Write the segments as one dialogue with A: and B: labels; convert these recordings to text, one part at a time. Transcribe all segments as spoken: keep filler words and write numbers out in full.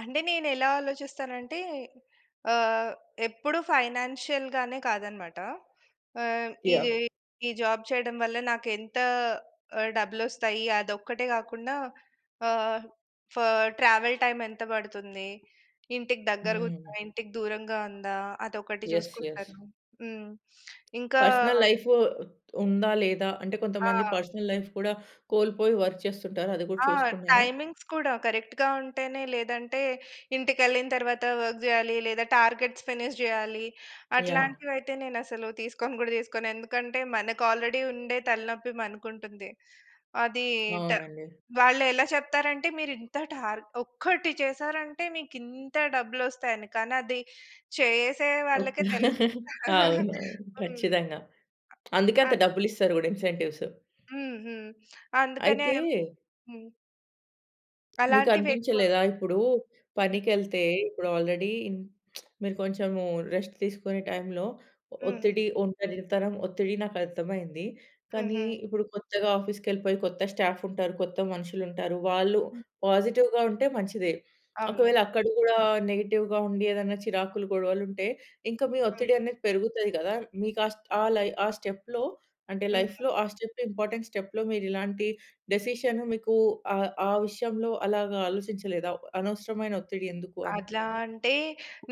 A: అంటే నేనెలా ఆలోచిస్తానంటే, ఆహ్, ఎప్పుడూ ఫైనాన్షియల్‌గానే కాదనమాట. ఆహ్, ఇదా
B: యాహ్!
A: ఈ ఈ జాబ్ చేయడం వల్ల, నాకేంత ఆహ్, డబ్బు‌లోస్తాయి, అదొక్కటే గాకుండా, ఆహ్, ఫా ట్రావెల్ టైమ్ ఎంత బడుతుంది, ఇంటికి దగ్గరగుందా,
B: హ్మ్.
A: ఇంటికి దూరంగా ఉందా, అదొకటి
B: యెస్. యెస్.
A: జూసుకుంటాను. హ్మ్. ఇంకా
B: పర్సనల్ లైఫు, ఉందా? లేదా? అంటే, కొంతమంది
A: ఆ!
B: పర్సనల్ లైఫ్ కూడా కోల్పోయి, వర్క్ చేస్తుంటారు, అది గూడా
A: ఆ!
B: చూసుకున్నారా?
A: టైమింగ్స్ కూడా, కరెక్ట్‌గా ఉం‌టేనే, లేదంటే, ఇంటికెళ్ళిన తరవాత వర్క్ జేయాలి, లేదా టార్గెట్స్ ఫినిష్ జేయాలి,
B: యాహ్!
A: అట్లాంటివయితే నేనసలు తీసుకోను గూడా తీసుకోను. ఎందుకంటే, మనకు ఆల్రెడీ ఉండే తలనొప్పి మనకుంటుంది. అది ట
B: అవునండి.
A: వాళ్ళేలా చెప్తారంటే, మీరింత టార్గ్ ఒక్కటి చేసారంటే, మీకింత డబ్బులోస్తాయని. కానీ అది చేసే
B: ఓహ్!
A: వాళ్ళకే తెలు
B: అవునవును
A: హ్మ్.
B: ఖచ్చితంగా. అందుకే
A: అ
B: అంత
A: అన్
B: డబ్బులిస్తారు గూడ ఇన్సెంటివ్స్.
A: హ్మ్. హ్మ్. అందుకనే
B: అయితే...
A: హ్మ్. అలాంటివెక్కువ.
B: మీకనిపించలేదా, ఇప్పుడూ
A: హ్మ్.
B: పనికెళ్తే, ఇప్పుడు ఆల్రెడీ ఇన్ మీరు కొంచెము రెస్ట్ తీసుకునే టైంలో, ఒ
A: హుహు.
B: ఒత్తిడి, ఒంటరితనం, ఒత్తిడి నాకర్థమైంది. కానీ,
A: హుహు.
B: ఇప్పుడు కొత్తగా ఆఫీస్‌కెళ్ళిపోయి, కొత్త స్టాఫుంటారు, కొత్త మనుషులుంటారు, వాళ్ళు
A: హ్మ్.
B: పాజిటివ్‌గా ఉంటే, మంచిదే.
A: అవును.
B: ఒకవేళ అక్కడ గూడా నెగెటివ్‌గా ఉండి, ఏదన్నా చిరాకులు, గొడవలుంటే, ఇంకా మీ ఒత్తిడి
A: హ్మ్.
B: అనేది పెరుగుతాది గదా! మీ కాస్ట్ ఆ లై ఆ స్టెప్‌లో, అంటే
A: హుహు.
B: లైఫ్‌లో, ఆ స్టెప్, ఇంపార్టెంట్ స్టెప్‌లో, మీరిలాంటి డెసిషను మీకూ ఆహ్, ఆ విషయంలో అలాగా ఆలోచించలేదా? అనవసరమైన ఒత్తిడి ఎందుకు అ‌‌ని.
A: అడ్లా అంటే,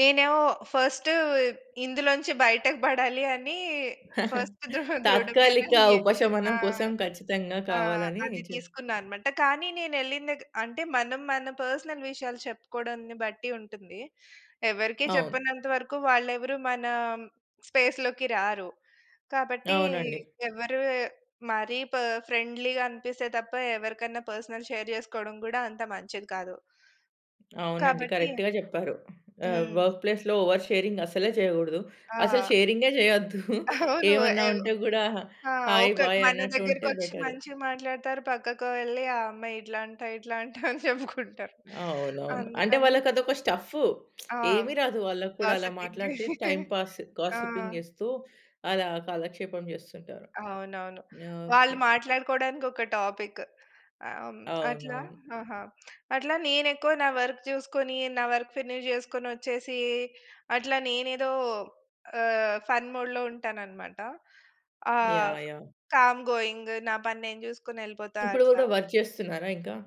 A: నేనేమో ఫస్టూ బ్ ఇందులోంచి బయటకు బడా‌లీ అనీ, ఫస్ట్ దృహా దృఢమైన
B: తాత్కాలిక
A: ఎ ఆ!
B: ఉపశమనం కోసం, ఖచ్చితంగా
A: ఆ!
B: కావాలని
A: అది
B: చేశ్
A: తీసుకున్నానమాట. కానీ నేనేళ్ళిన దెగ్ అంటే మనం మన పర్సనల్ విషయాలు చెప్పుకోడంని బట్టి ఉంటుంది, ఎవరికీ
B: అవును.
A: చెప్పనంత వరకు, వాళ్ళెవరూ మనా హ్మ్, స్పేస్‌లోకి రారు. కాబట్టీ
B: అవునండి.
A: ఎవరు మరీ ప ఫ్రెండ్లీ‌గా అనిపిస్తే తప్ప, ఎవరికన్నా పర్సనల్ షేర్ జేసుకోడం గూడా, అంత మంచిది కాదు.
B: అవునండి.
A: కాబట్టీ
B: కరెక్ట్‌గా జెప్పారు. హ్మ్, ఆహ్,
A: హ్మ్.
B: వర్క్ ప్లేస్‌లో, ఓవర్ షేరింగ్ అసలే చేయగూడదు, అసలు
A: ఆ!
B: షేరింగే జేయొద్దు.
A: అవును.
B: ఏమైనా
A: ఎవ్
B: ఉంటే గూడా,
A: ఆ!
B: హాయి,
A: ఒకరు
B: బాయి,
A: మన
B: అన్నట్టు ఉంటే
A: దగ్గరకొచ్చి
B: బెటరు.
A: మంచిగా మాట్లాడుతారు, పక్కకు వెళ్లి, ఆ అమ్మాయి ఇట్లా అంట, ఇట్లా అంట అని చెప్పుకుంటారు.
B: అవునవును. అంటే
A: అందుకని
B: వాళ్ళకదొక స్టఫ్ఫు.
A: ఆ!
B: ఏమి రాదు వాళ్ళకూడా, అలా
A: గాసిపింగే.
B: మాట్లాడితే టైమ్ పాస్,
A: ఆ!
B: గాసిపింగిస్తూ, అలా కాలక్షేపం జేస్తుంటారు.
A: అవునవును.
B: యాహ్!
A: వాళ్ళు
B: ఓకే.
A: మాట్లాడుకోడానికొక టాపిక్, ఆహ్, హ్మ్. అట్లా
B: అవునవును.
A: ఆహా! అట్లా నేనెక్కువ నా వర్క్ జూసుకొని, నా వర్క్ ఫినిష్ జేసుకొనొచ్చేసీ, అట్లా నేనెదో ఆహ్, ఫన్ మోడ్‌లో ఉంటాననమాట. ఆహ్,
B: యాహ్! యాహ్!
A: కామ్ గోయింగు, నా పని నేను జూసుకొనెళ్ళిపోతా
B: ఇప్పుడు గూడా
A: అట్లా.
B: వర్క్ చేస్తున్నారా ఇంకా?